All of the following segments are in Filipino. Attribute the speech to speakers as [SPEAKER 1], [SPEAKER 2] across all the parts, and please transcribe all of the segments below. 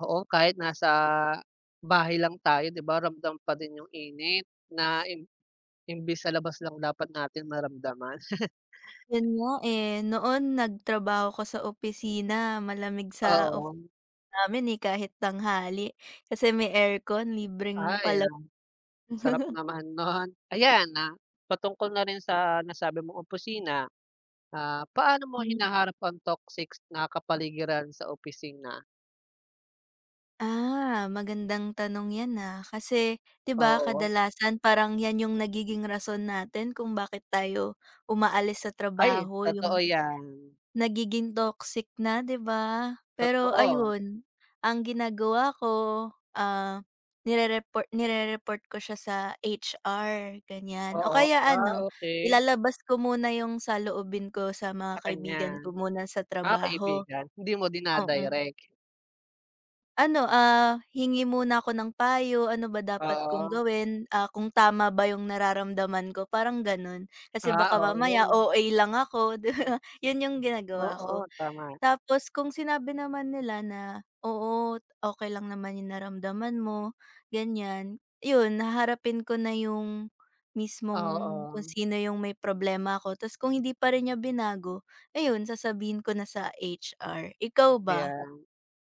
[SPEAKER 1] Oo, kahit nasa, bahay lang tayo 'di ba, ramdam pa din 'yong init. Na imb imbis sa labas lang dapat natin maramdaman.
[SPEAKER 2] 'Yon nga, eh. Noon nagtrabaho ako sa opisina malamig sa off
[SPEAKER 1] Oo.
[SPEAKER 2] namin, eh, kahit tanghali kasi may aircon
[SPEAKER 1] Ah,
[SPEAKER 2] libreng pala
[SPEAKER 1] ayan. Sarap naman no'n. Ayan, na Patungkol na rin sa nasabi mong opisina, ah, paano mo
[SPEAKER 2] Hmm.
[SPEAKER 1] hinaharap ang toxic na kapaligiran sa opisina?
[SPEAKER 2] Ah, magandang tanong 'yan, ah. Kasi, 'di ba,
[SPEAKER 1] Oo.
[SPEAKER 2] kadalasan parang 'yan 'yong nagiging rason natin kung bakit tayo umaalis sa
[SPEAKER 1] Ay,
[SPEAKER 2] trabaho.
[SPEAKER 1] totoo
[SPEAKER 2] 'Yong,
[SPEAKER 1] yan.
[SPEAKER 2] nagiging toxic na, 'di ba? Pero,
[SPEAKER 1] Totoo.
[SPEAKER 2] ayun, ang ginagawa ko, ah, nire-repor nire-report ko siya sa HR, ganyan o
[SPEAKER 1] Oo.
[SPEAKER 2] kaya
[SPEAKER 1] Ah,
[SPEAKER 2] ano
[SPEAKER 1] okay.
[SPEAKER 2] ilalabas ko muna 'yong saloobin ko sa mga
[SPEAKER 1] Sa
[SPEAKER 2] kaibigan
[SPEAKER 1] kanya.
[SPEAKER 2] ko muna sa
[SPEAKER 1] Ah,
[SPEAKER 2] trabaho.
[SPEAKER 1] kaibigan. Hindi mo
[SPEAKER 2] O hmm.
[SPEAKER 1] dina-direct.
[SPEAKER 2] Ano, ah, hingi muna ako ng payo, ano ba dapat kong
[SPEAKER 1] Oo.
[SPEAKER 2] gawin. Ah, kung tama ba 'yong nararamdaman ko parang, gano'n. Kasi
[SPEAKER 1] Ah,
[SPEAKER 2] baka mamaya
[SPEAKER 1] oo.
[SPEAKER 2] OA lang ako, 'di ba? 'Yon 'yong ginagawa
[SPEAKER 1] Oo,
[SPEAKER 2] ko.
[SPEAKER 1] tama.
[SPEAKER 2] Tapos kung sinabi naman nila na, oo, okay lang naman 'yong naramdaman mo, ganyan. 'Yon, haharapin ko na 'yong mismong, kung
[SPEAKER 1] Oo.
[SPEAKER 2] sino 'yong may problema ako, tapos kung hindi pa rin niya binago, ayun, sasabihin ko na sa HR. Ikaw, ba?
[SPEAKER 1] Ayan.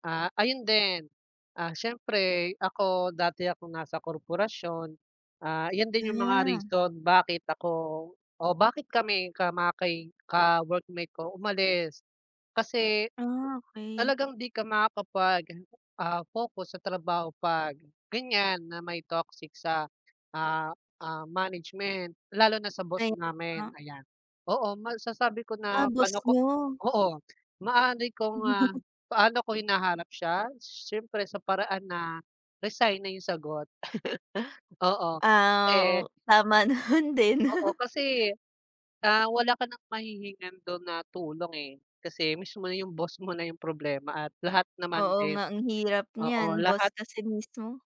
[SPEAKER 1] Ah, ayun din, ah, siyempre ako dati akong nasa korporasyon, ah, 'yon din 'yong mga
[SPEAKER 2] Ah.
[SPEAKER 1] reason bakit ako o bakit kami ka maki ka-workmate ko umalis. Kasi,
[SPEAKER 2] Ah, okay.
[SPEAKER 1] talagang di ka makakapag, ah, focus sa trabaho pag, ganyan na may toxic sa, ah ah, management, lalo na sa boss
[SPEAKER 2] Ay, o
[SPEAKER 1] namin,
[SPEAKER 2] nga.
[SPEAKER 1] ayan. Oo, masasabi ko
[SPEAKER 2] Ah,
[SPEAKER 1] na
[SPEAKER 2] boss
[SPEAKER 1] pa'no ko
[SPEAKER 2] niyo.
[SPEAKER 1] Oo, maaari kong, ah,
[SPEAKER 2] [unintelligible]
[SPEAKER 1] paano ko hinahanap siya? Siyempre sa paraan na, resign na 'yong sagot. Oo,
[SPEAKER 2] Ah,
[SPEAKER 1] eh
[SPEAKER 2] o Tama naman din.
[SPEAKER 1] Oo, kasi Ah, wala ka ng mahihingan do'n na tulong, eh. Kasi mismo na 'yong boss mo na 'yong problema at lahat naman
[SPEAKER 2] Oo
[SPEAKER 1] din
[SPEAKER 2] nga. Ang hirap
[SPEAKER 1] oo,
[SPEAKER 2] niyan
[SPEAKER 1] lahat
[SPEAKER 2] boss kasi mismo.